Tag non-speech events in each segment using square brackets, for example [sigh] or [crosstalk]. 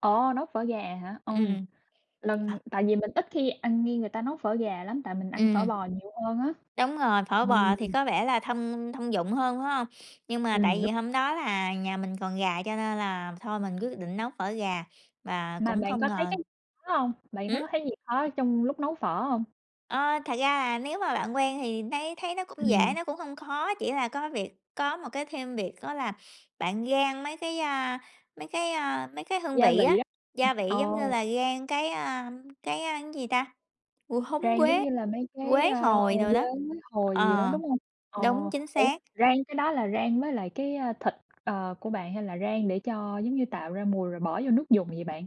Ồ, nấu phở gà hả? Ừm. Ừm. Ờ. Lần tại vì mình ít khi ăn nghe người ta nấu phở gà lắm tại mình ăn phở Ừm. bò nhiều hơn á. Đúng rồi, phở Ừm. bò thì có vẻ là thông thông dụng hơn, phải hông? Nhưng mà tại Ừm, đúng. vì hôm đó là nhà mình còn gà, cho nên là thôi mình quyết định nấu phở gà và Mà cũng bạn không có thấy ngờ cái khó hông? Bạn thấy hứm? có thấy gì khó trong lúc nấu phở hông? Ơ, thật ra là nếu mà bạn quen thì nấy thấy nó cũng dễ, Ừm. nó cũng hông khó, chỉ là có việc có một cái thêm việc đó là bạn rang mấy cái, a, mấy cái, a, mấy cái hương Gia vị vị á, á. gia vị giống như Ồ. là rang cái, a, cái, a, cái, a, gì ta, Mùi húng Rang giống quế, như là mấy cái, quế ơ, hồi đồ quế đó. hồi gì đó, Ờ. đúng hông? Ờ. Đúng, chính Ủa, xác. rang cái đó là rang với lại cái, a, thịt, ờ, của bạn hay là rang để cho, giống như, tạo ra mùi rồi bỏ vô nước dùng vậy bạn?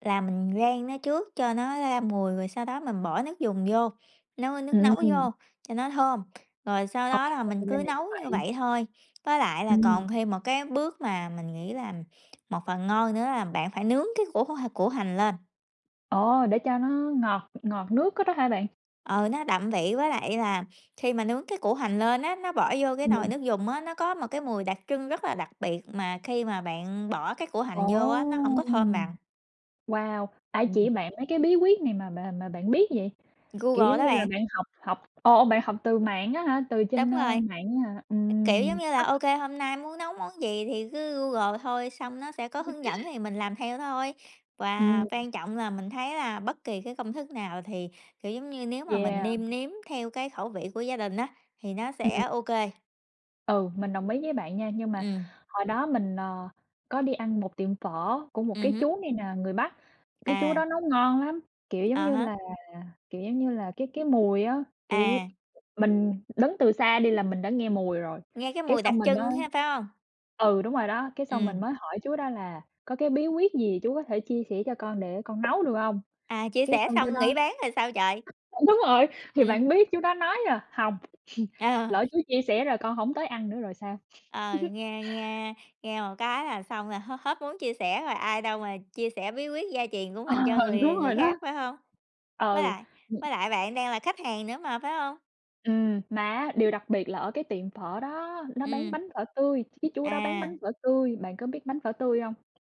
Là mình rang nó trước cho nó ra mùi, rồi sau đó mình bỏ nước dùng vô, nấu, ơ, nước nấu Ừm! vô cho nó thơm, rồi sau Ồ, đó là mình thì ra cứ là như nấu như vậy. vậy thôi. Với lại là Ừm. còn thêm một cái bước mà mình nghĩ là một phần ngon nữa là bạn phải nướng cái củ h củ hành lên. Ồ, để cho nó ngọt ngọt nước cái đó hả bạn? Ừ, nó đậm vị với lại là khi mà nướng cái củ hành lên á, nó bỏ vô cái nồi Ừm. nước dùng á, nó có một cái mùi đặc trưng rất là đặc biệt mà khi mà bạn bỏ cái củ Ồ! hành vô á, nó hổng có thơm bằng. Wow. Ai Ừm. chỉ bạn mấy cái bí quyết này mà mà mà bạn biết vậy? Kiểu Google giống đó như là bạn. bạn học học ồ, bạn học từ mạng á hả, từ Đúng trên, ơ, rồi. mạng á hả? Kiểu giống Ừm như là [unintelligible] OK, hôm nay muốn nấu món gì thì cứ Google thôi, xong nó sẽ có [chuckles] hướng dẫn thì mình làm theo thôi. Và Ừm. quan trọng là mình thấy là bất kỳ cái công thức nào thì, kiểu giống như, nếu mà mình Yeah. nêm nếm theo cái khẩu vị của gia đình á, thì nó sẽ Ừm. OK. Ừ, mình đồng ý với bạn nha, nhưng mà Ừm. hồi đó mình, ờ, có đi ăn một tiệm phở của một cái Ừm hứm. chú này nè, người Bắc, cái chú đó À. nấu ngon lắm, kiểu, giống À như há. là, kiểu, giống như là, cái cái mùi á, kiểu, À. mình đứng từ xa đi là mình đã nghe mùi rồi. Nghe cái Cái mùi đặc xong mình mới trưng ha, phải hông? ừ, đúng rồi đó, cái xong mình Ừm. mới hỏi chú đó là có cái bí quyết gì chú có thể chia sẻ cho con để con nấu được hông? À, chia Cái sẻ xong chú xong đó nghỉ bán rồi sao trời? ờ, đúng rồi! Thì Ừm. bạn biết chú đó nói là "Hông, [chuckles] Ờ. lỡ chú chia sẻ rồi con hổng tới ăn nữa rồi sao?" Ờ, [chuckles] nghe nghe nghe một cái là xong là h hết muốn chia sẻ rồi ai đâu mà chia sẻ bí quyết gia truyền của Ờ! mình cho người Đúng người rồi đó! khác, phải hông? Với Ừ. lại Ừm. với lại bạn đang là khách hàng nữa mà, phải hông? Ừm, mà á, điều đặc biệt là ở cái tiệm phở đó, nó bán Ừm. bánh phở tươi, ch chú đó bán bánh À. phở tươi. Bạn có biết bánh phở tươi hông?